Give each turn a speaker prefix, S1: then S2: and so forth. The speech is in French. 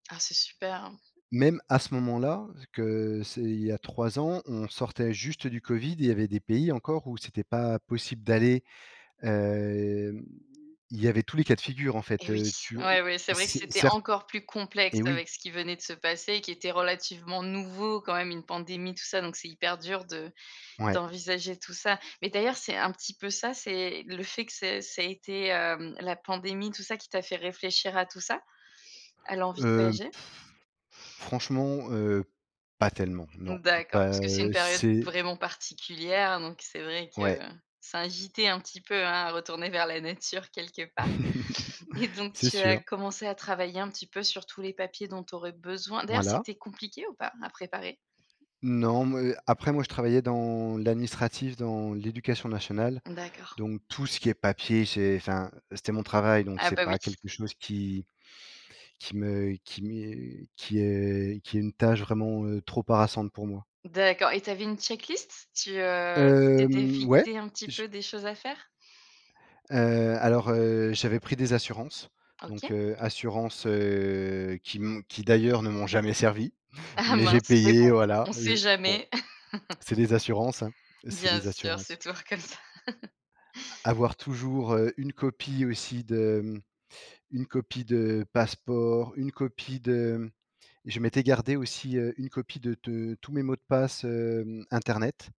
S1: Ah! C'est super, hein.
S2: Même à ce moment-là, que c'est il y a 3 ans, on sortait juste du Covid, et il y avait des pays encore où c'était pas possible d'aller hem, il y avait tous les cas de figures, en fait.
S1: Et oui!
S2: Heu, tu
S1: Ouais,
S2: ou
S1: ouais, c'est vrai que
S2: c
S1: c'était
S2: cert
S1: encore plus complexe
S2: et oui.
S1: avec ce qui venait de se passer, qui était relativement nouveau quand même, une pandémie tout ça, donc c'est hyper dur de
S2: Ouais.
S1: d'envisager tout ça. Mais d'ailleurs, c'est un petit peu ça, c'est le fait que c'est ça été, hem, la pandémie tout ça qui t'a fait réfléchir à tout ça? À l'envie de
S2: Heu,
S1: voyager?
S2: franchement, heu, pas tellement, non.
S1: Mmh, d'accord. Parce
S2: Pas,
S1: que c'est une
S2: heu,
S1: période
S2: c'est
S1: vraiment particulière, donc, c'est vrai
S2: Ouais.
S1: que, ça invitait un petit peu, hein, à retourner vers la nature, quelque part. Et, donc,
S2: C'est
S1: tu as
S2: sûr!
S1: commencé à travailler un petit peu sur tous les papiers dont tu aurais besoin d'ailleurs,
S2: Voilà.
S1: c'était compliqué ou pas à préparer?
S2: Non, moi après, moi, je travaillais dans l'administratif, dans l'éducation nationale,
S1: D'accord.
S2: donc tout ce qui est papier, j'ai enfin, c'était mon travail. Donc,
S1: Ah,
S2: c'est
S1: bah oui!
S2: pas quelque chose qui qui me qui m'est qui est qui est une tâche vraiment, heu, trop harassante pour moi.
S1: D'accord. Et tu avais une check-list? Tu, heu tu t'étais
S2: Hem, ouais,
S1: fixé un petit
S2: j
S1: peu des choses à faire?
S2: Heu, alors, heu, j'avais pris des assurances. Donc,
S1: OK.
S2: heu, assurances, heu, qui m qui d'ailleurs ne m'ont jamais servies.
S1: Ah!
S2: Mais, j'ai
S1: Mince. Mais
S2: payé,
S1: bon,
S2: voilà,
S1: on
S2: je
S1: sait
S2: bon.
S1: jamais.
S2: C'est les assurances, hein, c'est
S1: Bien
S2: les
S1: sûr, c'est
S2: assurances.
S1: toujours comme ça!
S2: A avoir toujours, heu, une copie aussi de mmh une copie de passeport, une copie de je m'étais gardé aussi, heu, une copie de de tous mes mots de passe, hem, internet.